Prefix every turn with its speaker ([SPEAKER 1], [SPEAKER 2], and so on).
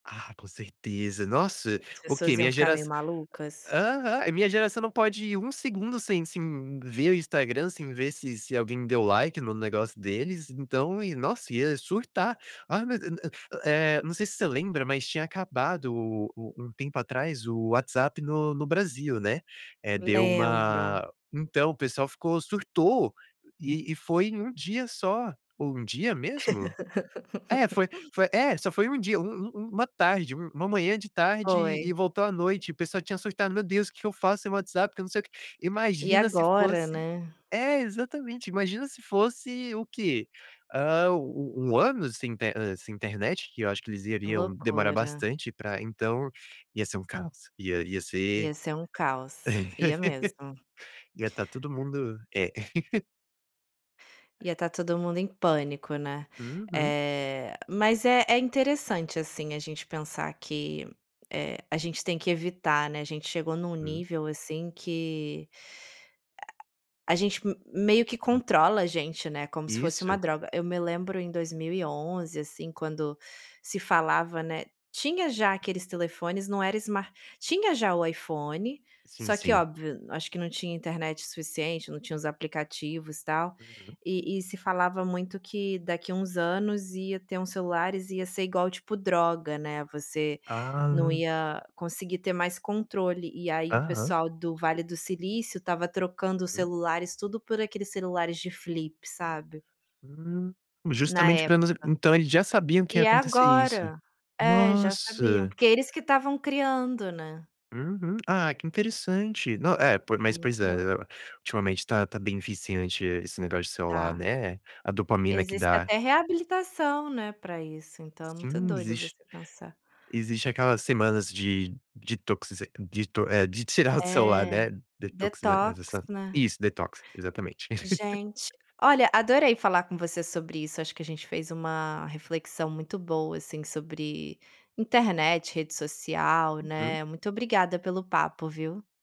[SPEAKER 1] Ah, com certeza. Nossa,
[SPEAKER 2] As
[SPEAKER 1] o quê,
[SPEAKER 2] pessoas iam
[SPEAKER 1] minha
[SPEAKER 2] ficar meio
[SPEAKER 1] geraç
[SPEAKER 2] malucas?
[SPEAKER 1] aham, minha geração não pode ir 1 segundo sem sem ver o Instagram, sem ver se se alguém deu like no negócio deles, então e nossa, ía surtar. "Ah, mas eu eu" Eh, não sei se você lembra, mas tinha acabado o o um tempo atrás, o WhatsApp no no Brasil, né. Eh, deu
[SPEAKER 2] Lembro.
[SPEAKER 1] uma então, o pessoal ficou surtou, e e foi 1 dia só, ou 1 dia mesmo? É, foi foi é, só foi 1 dia, um um um uma tarde, uma manhã, de tarde, e
[SPEAKER 2] Foi.
[SPEAKER 1] voltou à noite, o pessoal tinha surtado: "Meu Deus, que que eu faço sem WhatsApp, que eu não sei o quê".
[SPEAKER 2] E
[SPEAKER 1] Imagina se
[SPEAKER 2] agora,
[SPEAKER 1] fosse
[SPEAKER 2] né.
[SPEAKER 1] é, exatamente, imagina se fosse o quê? Ah, u u um ano sem inte hã, sem internet, que eu acho que eles
[SPEAKER 2] Que
[SPEAKER 1] iriam demorar
[SPEAKER 2] loucura.
[SPEAKER 1] bastante pra então, ia ser um caos, ia ia ser
[SPEAKER 2] Ia ser um caos, ia mesmo.
[SPEAKER 1] ia estar todo mundo é.
[SPEAKER 2] Ia estar todo mundo em pânico, né.
[SPEAKER 1] Uhum.
[SPEAKER 2] Eh, mas é é interessante, assim, a gente pensar que, eh, a gente tem que evitar, né. A gente chegou em um
[SPEAKER 1] Hum.
[SPEAKER 2] nível, assim, que a gente m meio que
[SPEAKER 1] Hum.
[SPEAKER 2] controla a gente, né, como se fosse uma
[SPEAKER 1] Isso.
[SPEAKER 2] droga. Eu me lembro em 2011, assim, quando se falava, né, tinha já aqueles telefones, não era smar tinha já o iPhone,
[SPEAKER 1] Sim,
[SPEAKER 2] só que
[SPEAKER 1] sim.
[SPEAKER 2] óbvio, acho que não tinha internet suficiente, não tinham os aplicativos, tal,
[SPEAKER 1] Uhum.
[SPEAKER 2] e e se falava muito que daqui uns anos ia ter uns celulares, ia ser igual, tipo, droga, né, você não
[SPEAKER 1] Ah.
[SPEAKER 2] ia conseguir ter mais controle. E aí o
[SPEAKER 1] Aham.
[SPEAKER 2] pessoal do Vale do Silício estava trocando os
[SPEAKER 1] Hum.
[SPEAKER 2] celulares tudo por aqueles celulares de flip, sabe.
[SPEAKER 1] Hum.
[SPEAKER 2] Na
[SPEAKER 1] Justamente para
[SPEAKER 2] época.
[SPEAKER 1] nos então eles já sabiam que ia
[SPEAKER 2] E é
[SPEAKER 1] acontecer isso.
[SPEAKER 2] agora. É, já sabiam,
[SPEAKER 1] Nossa.
[SPEAKER 2] porque eles que estavam criando, né.
[SPEAKER 1] Uhum. Ah, que interessante. No é, po mas pois
[SPEAKER 2] Muito
[SPEAKER 1] é,
[SPEAKER 2] louco.
[SPEAKER 1] ultimamente tá tá bem viciante e esse negócio celular,
[SPEAKER 2] Tá.
[SPEAKER 1] né, a dopamina que
[SPEAKER 2] Existe
[SPEAKER 1] dá.
[SPEAKER 2] até reabilitação, né, pra isso, então é muito
[SPEAKER 1] Sim,
[SPEAKER 2] doido
[SPEAKER 1] existe
[SPEAKER 2] você pensar.
[SPEAKER 1] existe aquelas semanas de detoxi deto eh, de tirar o celular,
[SPEAKER 2] É.
[SPEAKER 1] né, detox
[SPEAKER 2] Detox,
[SPEAKER 1] [unintelligible]
[SPEAKER 2] né.
[SPEAKER 1] isso detox, exatamente.
[SPEAKER 2] Gente! Olha, adorei falar com você sobre isso, acho que a gente fez uma reflexão muito boa, assim, sobre internet, rede social,
[SPEAKER 1] Uhum.
[SPEAKER 2] né. Muito obrigada pelo papo, viu.